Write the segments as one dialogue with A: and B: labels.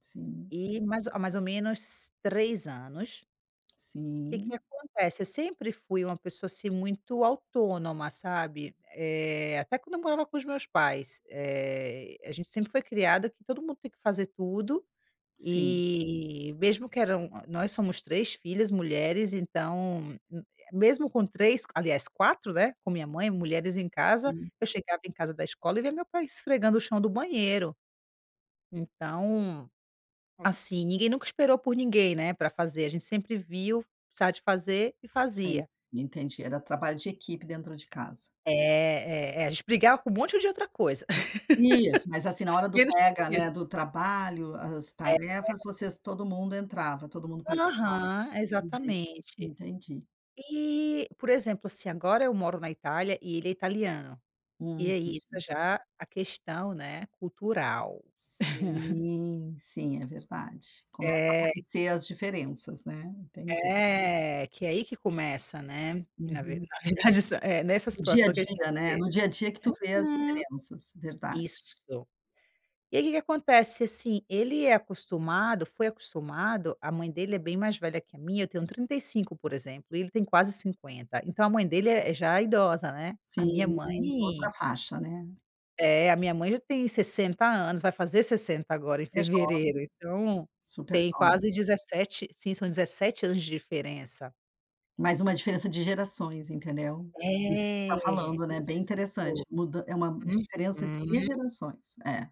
A: Sim.
B: E, mais há mais ou menos 3 anos que que
A: Sim.
B: acontece, eu sempre fui uma pessoa, assim, muito autônoma, sabe. Eh, até quando eu morava com os meus pais, eh, a gente sempre foi criada que todo mundo tem que fazer tudo,
A: Sim.
B: e mesmo que eram nós somos 3 filhas mulheres então, m mesmo com 3 aliás 4, né, com minha mãe, mulheres em casa,
A: Sim.
B: eu chegava em casa da escola e via meu pai esfregando o chão do banheiro. Então, assim, ninguém nunca esperou por ninguém, né, pra fazer, a gente sempre viu, precisava de fazer, e
A: Sim.
B: fazia.
A: Entendi, era trabalho de equipe dentro de casa.
B: É, é é, a gente brigava com um monte de outra coisa,
A: Isso, mas assim, na hora do
B: menos com
A: pega,
B: isso.
A: né, do trabalho, as
B: É.
A: tarefas, vocês todo mundo entrava, todo mundo participava.
B: Aham, é
A: Entendi,
B: exatamente.
A: entendi.
B: E, por exemplo assim, agora eu moro na Itália e ele é italiano,
A: Hum,
B: e aí tá
A: entendi.
B: já a questão, né, cultural.
A: Sim, sim, é verdade. Começa a
B: É.
A: aparecer as diferenças, né. Entendi.
B: É, que aí que começa, né, que na ve
A: Uhum.
B: na verdade essa eh, nessa
A: No dia a
B: situação que a gente
A: dia, né,
B: vê.
A: no dia a dia que tu vê as
B: Uhum.
A: diferenças. Verdade.
B: Isso. E aí que que acontece, assim, ele é acostumado foi acostumado, a mãe dele é bem mais velha que a minha, eu tenho 35, por exemplo, e ele tem quase 50, então a mãe dele é é já idosa, né. A minha
A: Sim,
B: mãe
A: outra faixa, né.
B: é, a minha mãe já tem 60 anos, vai fazer 60 agora em
A: É jovem.
B: fevereiro, então
A: Super
B: tem
A: jovem.
B: quase 17 sim, são 17 anos de diferença.
A: Mas uma diferença de gerações, entendeu. Isso [unintelligible] tá
B: É,
A: falando, né, bem interessante,
B: isso.
A: muda é uma diferença de
B: Uhum.
A: gerações. É.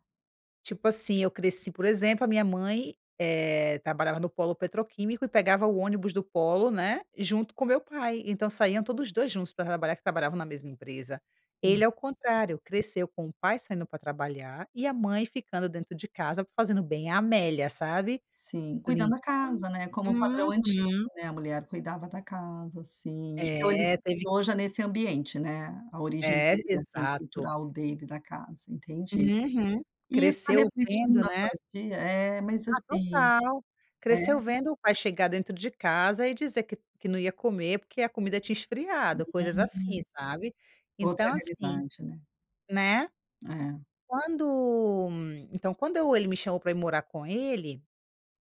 B: Tipo assim, eu cresci, por exemplo, a minha mãe, eh, trabalhava no polo petroquímico, e pegava o ônibus do polo, né, junto com o meu pai, então saíam todos os 2 juntos pra trabalhar, que trabalhavam na mesma empresa.
A: Hum.
B: Ele é o contrário, cresceu com o pai saindo pra trabalhar e a mãe ficando dentro de casa, fazendo bem a Amélia, sabe.
A: Sim. Cuidando
B: Limpando
A: da casa, né, como padrão antigo,
B: uhum.
A: né, a mulher cuidava da casa. Sim.
B: É,
A: [unintelligible]
B: teve
A: e hoje é nesse ambiente, né. A origem
B: É,
A: dele, assim,
B: exato.
A: cultural dele, da casa. Entendi.
B: Uhum.
A: E isso tá
B: Cresceu
A: refletindo
B: vendo,
A: na
B: né.
A: sua vi é, mas
B: Ah,
A: assim
B: total.
A: é?
B: Cresceu vendo o pai chegar dentro de casa, e dizer que que não ia comer, porque a comida tinha esfriado, coisas assim,
A: Hum.
B: sabe.
A: Outra
B: Então assim,
A: realidade, né.
B: né,
A: É.
B: quando então quando eu ele me chamou pra ir morar com ele,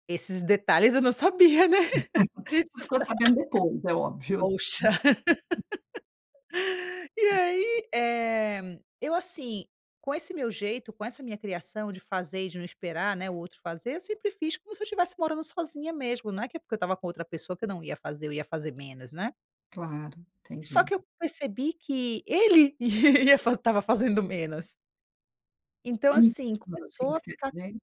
B: esses detalhes, eu não sabia, né. A gente
A: Ficou
B: na
A: sabendo depois, é óbvio.
B: Poxa. E aí, eh, eu assim, com esse meu jeito, com essa minha criação, de fazer e de não esperar, né, o outro fazer, sempre fiz como se eu estivesse morando sozinha mesmo, não é que é porque eu estava com outra pessoa que eu não ia fazer, ou ia fazer menos, né.
A: Claro,
B: Só
A: entendi.
B: que eu percebi que ele ia estava fazendo menos. Então
A: [unintelligible]
B: assim, começou a
A: tu queria
B: ficar
A: dizer.